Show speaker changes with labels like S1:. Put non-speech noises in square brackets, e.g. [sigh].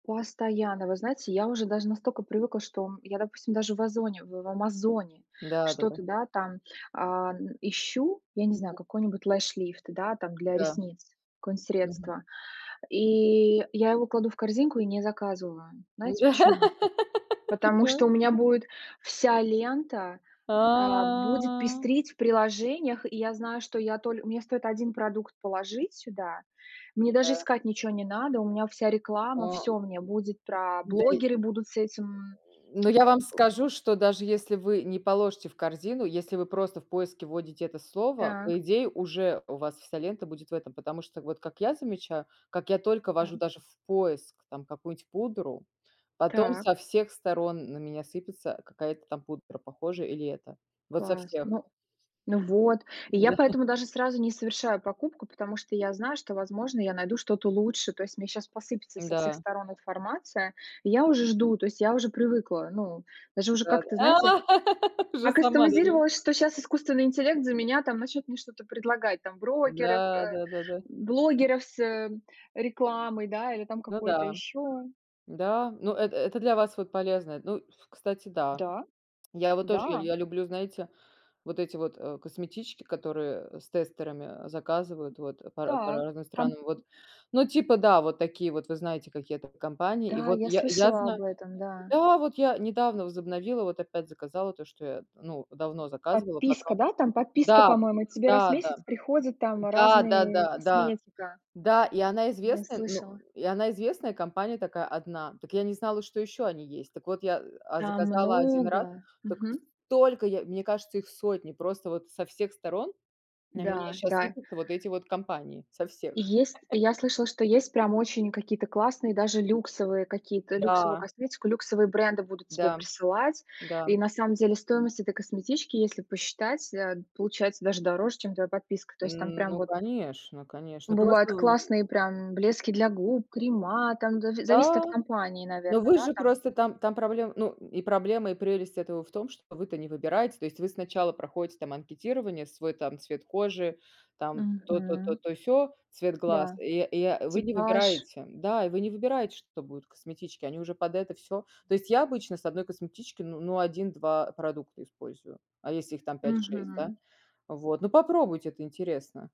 S1: Постоянно. Вы знаете, я уже даже настолько привыкла, что я, допустим, даже в "Озоне" в "Амазоне"
S2: Да-да-да.
S1: что-то, да, там, ам, ищу, я не знаю,
S2: Мгм.
S1: какой нибудь lash lift, да, там для
S2: Да.
S1: ресниц, какое-нибудь
S2: Мгм.
S1: средство, и я его кладу в корзинку и не заказываю. Знаете
S2: Да.
S1: почему? Потому
S2: [laughs]
S1: что
S2: [unintelligible]
S1: у меня будет вся лента, а, будет
S2: А.
S1: пестрить в приложениях, и я знаю, что я толь у меня стоит 1 продукт положить сюда, мне даже
S2: Да.
S1: искать ниче не надо. У меня вся реклама,
S2: О.
S1: всё
S2: [grunts]
S1: мне будет про
S2: Да я [grunts]
S1: блогеры будут с этим.
S2: но я вам
S1: [grunts]
S2: скажу, что, даже если вы не положите в корзину, если вы просто в поиске вводите это слово,
S1: Так.
S2: по идее уже у вас вся лента будет в этом, потому что, вот как я замечаю, как я только
S1: Да.
S2: ввожу даже в поиск там какую-нибудь пудру, потом
S1: Так.
S2: со всех сторон на меня сыпется какая-то там пудра, похожая или эта. Вот со
S1: Класс.
S2: всех.
S1: Ну ну вот. И я
S2: Да. [chuckles]
S1: поэтому даже сразу не совершаю покупку, потому что я знаю, что, возможно, я найду что-то лучше. То есть мне щас посыпется со всех
S2: Да.
S1: сторон информация, я уже жду, то есть я уже привыкла. Ну, даже уже как-то, знаете.
S2: Да-да. [laughs] Уже сама на нём.
S1: Акастомизировалась, что щас искусственный интеллект за меня там начнет мне что-то предлагать, там брокеров,
S2: Да,
S1: э,
S2: да-да-да.
S1: блогеров с, э, рекламой, да, или там
S2: Ну
S1: какое-то
S2: да.
S1: ещё.
S2: Да, ну, э это для вас вот полезно. Ну, ф кстати, да.
S1: Да,
S2: [tsk] Я его тоже
S1: да.
S2: я люблю, знаете, вот эти вот, э, косметички, которые с тестерами заказывают, вот, по ра по
S1: Так,
S2: разным
S1: камп
S2: странам. Вот, ну, типа да, вот такие вот, вы знаете, какие это компании. И
S1: Да,
S2: вот
S1: я
S2: я я
S1: слышала
S2: знаю
S1: об этом, да.
S2: да, вот я недавно возобновила, вот опять заказала то, что я, ну, давно заказывала,
S1: Подписка,
S2: потом
S1: да, там подписка,
S2: да,
S1: по-моему. Тебе раз в
S2: да-да.
S1: месяц приходят там
S2: Да,
S1: разные
S2: да-да, да.
S1: косметика.
S2: Да, и она
S1: Я
S2: известная, ну
S1: слышала.
S2: и она известная компания такая 1. Так я не знала, что еще они есть. Так вот, я, а,
S1: Там
S2: заказала 1 раз,
S1: много.
S2: так
S1: Мгм.
S2: столько я мне кажется, их сотни. Просто со всех сторон на меня
S1: Да,
S2: щас
S1: да.
S2: сыпятся вот эти вот компании, со всех.
S1: Есть я
S2: [laughs]
S1: слышала, что есть прям очень какие-то классные, даже люксовые какие-то. Люксовую
S2: Да.
S1: косметику, люксовые бренды будут тебе
S2: Да.
S1: присылать.
S2: Да.
S1: И на самом деле стоимость этой косметички, если посчитать, э, получается даже дороже, чем твоя подписка. То есть там прям
S2: Ну,
S1: вот
S2: конечно, конечно.
S1: бывают
S2: Просто в
S1: классные прям блески для губ, крема там да, зависит
S2: Да.
S1: от компании,
S2: Ну,
S1: наверно,
S2: вы
S1: да,
S2: же
S1: там?
S2: просто там там проблема, ну и проблема, и прелесть этого в том, что вы-то не выбираете. То есть вы сначала проходите там анкетирование, свой там цвет кожи, там то-то-то,
S1: Мгм.
S2: то-сё, цвет глаз.
S1: Да,
S2: И и, а, вы не
S1: типаж.
S2: выбираете да, и вы не выбираете, что будет в косметичке. Они уже под это всё то есть, я обычно с 1 косметички, ну ну, 1-2 продукта использую. А если их там 5-6 да?
S1: Мгм.
S2: Вот, ну, попробуйте, это интересно.